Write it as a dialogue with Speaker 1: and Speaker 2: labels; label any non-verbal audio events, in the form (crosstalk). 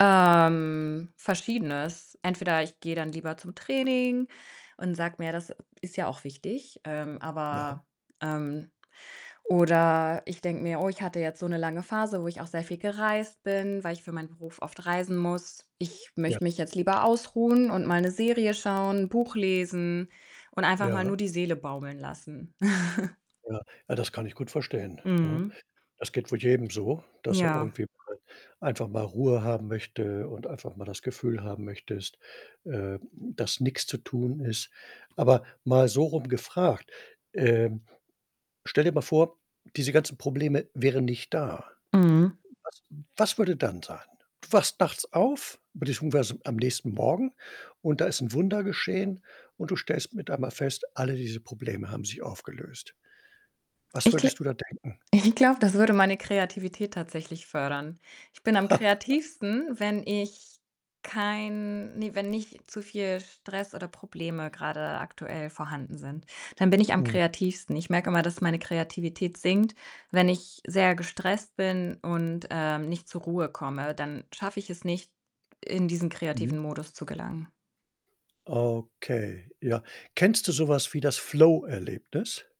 Speaker 1: Ähm, Verschiedenes. Entweder ich gehe dann lieber zum Training und sag mir: „Das ist ja auch wichtig“, ähm,
Speaker 2: Ja.
Speaker 1: aber, ähm oder ich denke mir: „Oh, ich hatte jetzt so 'ne lange Phase, wo ich auch sehr viel gereist bin, weil ich für meinen Beruf oft reisen muss. Ich
Speaker 2: Ja.
Speaker 1: möchte mich jetzt lieber ausruhen und mal 'ne Serie schauen, Buch lesen und einfach mal
Speaker 2: Ja.
Speaker 1: nur die Seele baumeln lassen.“ (snorts)
Speaker 2: Ja, ja das kann ich gut verstehen, ne?
Speaker 1: Mhm.
Speaker 2: Das geht wohl jedem so, dass er
Speaker 1: Ja.
Speaker 2: irgendwie mal einfach mal Ruhe haben möchte und einfach mal das Gefühl haben möchtest, äh, dass nix zu tun ist. Aber mal sorum gefragt, ähm: Stell dir mal vor, diese ganzen Probleme wären nicht da.
Speaker 1: Mhm.
Speaker 2: Was was würde dann sein? Du wachst nachts auf, beziehungsweise, am nächsten Morgen und da ist 'n Wunder geschehen und du stellst mit einmal fest, alle diese Probleme haben sich aufgelöst. Was
Speaker 1: Ich gl
Speaker 2: würdest du da denken?
Speaker 1: ich glaube, das würde meine Kreativität tatsächlich fördern. Ich bin am kreativsten,
Speaker 2: (laughs)
Speaker 1: wenn ich kein ne, wenn nicht zu viel Stress oder Probleme grade aktuell vorhanden sind. Dann bin ich am
Speaker 2: Mm.
Speaker 1: kreativsten. Ich merke immer, dass meine Kreativität sinkt, wenn ich sehr gestresst bin und, ähm, nicht zur Ruhe komme, dann schaffe ich es nicht, in diesen
Speaker 2: Mhm.
Speaker 1: kreativen Modus zu gelangen.
Speaker 2: Okay, ja. Kennst du so was wie das: „Flow-Erlebnis?“